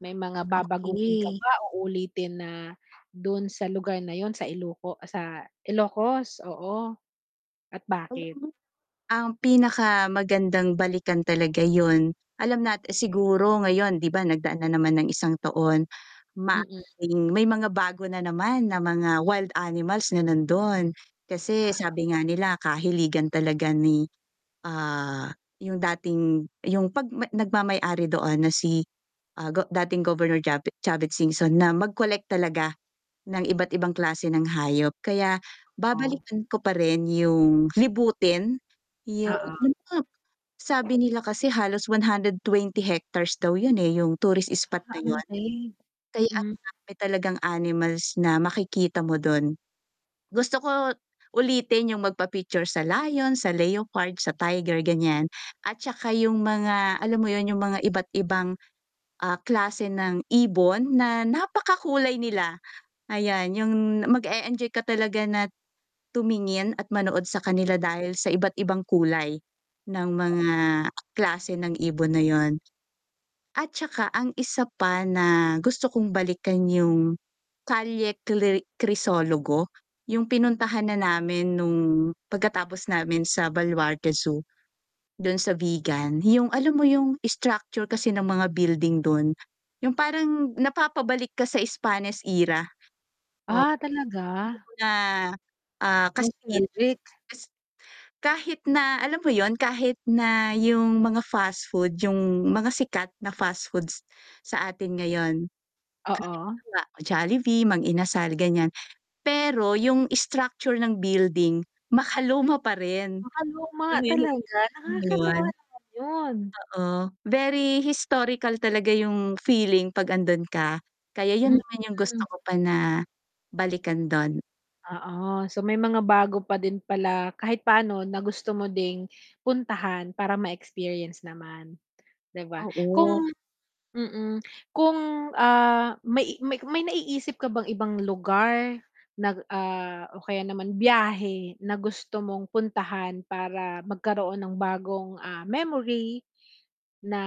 May mga babaguhin ka Okey. ba o uulitin na dun sa lugar na yun sa Iluko sa Ilocos, oo, at bakit? Ang pinakamagandang balikan talaga yun, alam nat siguro ngayon 'di ba? Nagdaan na naman ng isang taon, ma Mm. may mga bago na naman na mga wild animals na nandun, kasi sabi nga nila kahiligan talaga ni, ah, yung dating yung pag mag nagmamay-ari doon na si, ah, go dating Governor Chave Chavit Singson na mag-collect talaga ng iba't-ibang klase ng hayop, kaya Oh. babalikan ko pa rin yung libutin yung Oo. [unintelligible] sabi nila kasi halos 120 hectares daw yun eh, yung tourist spot na yun. [unintelligible] Kaya ang Mm. dami talagang animals na makikita mo dun. Gusto ko ulitin yung magpa-picture sa lion, sa leopard, sa tiger ganyan, at tsaka yung mga, alam mo yun, yung mga iba't ibang, ah, klase ng ibon na napakakulay nila, ayan yung mag-e-enjoy ka talaga na tumingin at manood sa kanila dahil sa iba't-ibang kulay ng mga klase ng ibon na yun. At tsaka, ang isa pa na gusto kong balikan yung Calle Kliri Crisologo, yung pinuntahanan na namin nung pagkatapos namin sa Baluarte Zoo. Dun sa Vigan, yung alam mo yung structure kasi ng mga building dun, yung parang napapabalik ka sa Spanish era. Ah, talaga? [unintelligible] Na, ah, kas [unintelligible] [unintelligible] kas kahit na alam mo yun, kahit na yung mga fastfood, yung mga sikat na fastfoods sa atin ngayon. Oo. Halimbawa, Jollibee, Mang Inasal ganyan, pero yung structure ng building makaluma pa rin, Makaluma alam mo yun talaga, nakakatuwa [unintelligible] naman 'yon. oo, very historical talaga yung feeling 'pag nandun ka, kaya yun naman Mm. yung gusto ko pa na balikan do'n. Oo, so may mga bago pa din pala kahit paano na gusto mo ding puntahan para ma-experience naman, 'di ba? Oo. Kung mm, kung, ah, may may may naiisip ka bang ibang lugar na, ah, o kaya naman biyahe na gusto mong puntahan para magkaroon ng bagong, ah, memory na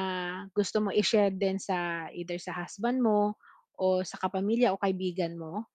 gusto mo i-share din sa either sa husband mo o sa kapamilya o kaibigan mo?